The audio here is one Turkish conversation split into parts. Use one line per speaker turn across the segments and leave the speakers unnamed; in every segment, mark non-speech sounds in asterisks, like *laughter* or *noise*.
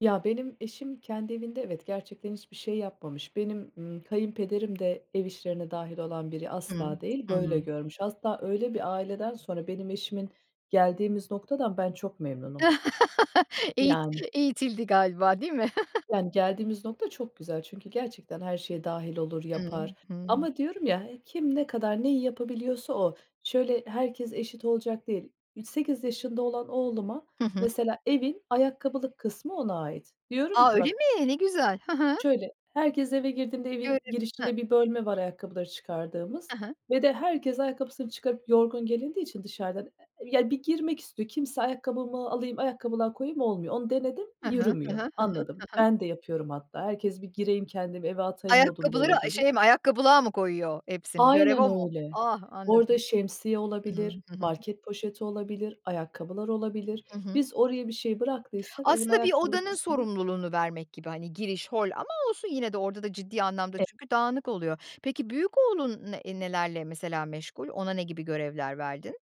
Ya, benim eşim kendi evinde evet, gerçekten hiçbir şey yapmamış. Benim, ımm, kayınpederim de ev işlerine dâhil olan biri
Hıı,
asla değil, böyle
hımm.
görmüş. Hatta öyle bir aileden sonra benim eşimin, geldiğimiz noktadan ben çok memnunum.
*laughs* Eğit
Yani.
eğitildi galiba, değil mi? *chuckles*
Yani, geldiğimiz nokta çok güzel. Çünkü gerçekten, her şeye dâhil olur,
Hıı,
yapar
hımm.
ama diyorum ya, kim ne kadar, neyi yapabiliyorsa o. Şöyle, herkes eşit olacak değil. E, 8 yaşında olan oğluma,
Hı hı.
mesela evin ayakkabılık kısmı ona ait. Diyorum
A,
ki
öyle
bak
mi? Ne güzel. Hı hı.
Şöyle, herkes eve girdiğinde
Görü
evin
Hıh?
girişinde bir bölme var ayakkabıları çıkardığımız
Hı hı.
ve de herkes ayakkabısını çıkarıp yorgun gelindiği için dışarıdan, e ya, bir girmek istiyor. Kimse ayakkabımı alayım, ayakkabılığa koyayım olmuyor. Onu denedim,
Hı hı, hı hı.
yürümüyor,
Hı hı,
anladım.
hı hı.
Ben de yapıyorum hatta. Herkes bir gireyim kendimi eve atayım modunda
Ayakkabıları,
eve
eee,
geliyor.
şey mi, ayakkabılığa mı koyuyor hepsini? Görev
Aynen
o mu?
öyle.
Ah,
Orada
anladım.
şemsiye
Hıı.
olabilir,
Hı hı.
market poşeti olabilir, ayakkabılar olabilir.
Hı hı.
Biz oraya bir şey bıraktıysak evin
Aslında bir
ayakkabılık
odanın
kısmını
sorumluluğunu vermek gibi, hani, giriş, hol ama olsun yine de orada da ciddi anlamda çünkü dağınık oluyor. Peki, büyük oğlun ne nelerle mesela meşgul? Ona ne gibi görevler verdin?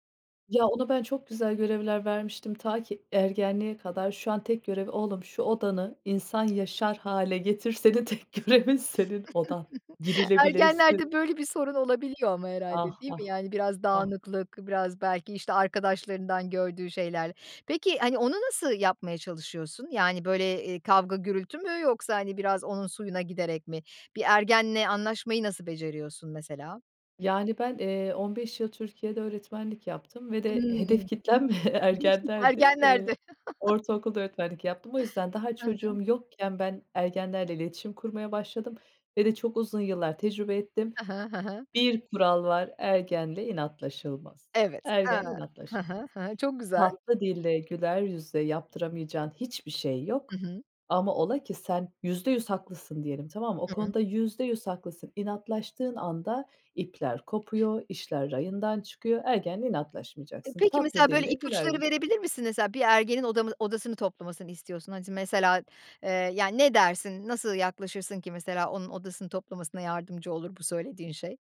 Ya, onu ben çok güzel görevler vermiştim, ta ki ergenliğe kadar. Şu an tek görevi, "Oğlum, şu odanı insan yaşar hâle getir. Senin tek görevin, senin odan.
*chuckles*
Girilebilsin."
Ergenlerde böyle bir sorun olabiliyor ama
Ah,
herhâlde, değil
ah.
mi? Yani, biraz
Ah.
dağınıklık biraz belki, işte, arkadaşlarından gördüğü şeyler. Peki, hani, onu nasıl yapmaya çalışıyorsun? Yani, böyle, eee, kavga gürültü mü yoksa, hani, biraz onun suyuna giderek mi? Bir ergenle anlaşmayı nasıl beceriyorsun, mesela?
Yani, ben, eee, 15 yıl Türkiye'de öğretmenlik yaptım ve de hedef
Hımm.
kitlem ve *chuckles*
*chuckles*
ergenlerdi. Eee,
Ergenlerdi.
ortaokulda öğretmenlik yaptım. O yüzden daha
Hı hı.
çocuğum yokken ben ergenlerle iletişim kurmaya başladım ve de çok uzun yıllar tecrübe ettim.
Hı hı. Hı hı.
Bir kural var ergenle inatlaşılmaz,
Evet.
ergenle
Haa. Hı
inatlaşılmaz.
hı. Hıı, çok güzel.
Tatlı dille, güler yüzle yaptıramayacağın hiçbir şey
Hı
yok
hı.
ama ola ki sen %100 haklısın diyelim, tamam mı? O
Hıı.
konuda %100 haklısın, inatlaştığın anda ipler kopuyor, işler rayından çıkıyor. Ergenle
E,
inatlaşmayacaksın,
peki,
tatlı
mesela, böyle,
dille, güler
ipuçları
yüzle.
verebilir misin? Mesela bir ergenin odamı odasını toplamasını istiyorsun, hani, s mesela, eee, yani, ne dersin, nasıl yaklaşırsın ki mesela, onun odasını toplamasına yardımcı olur, bu söylediğin şey?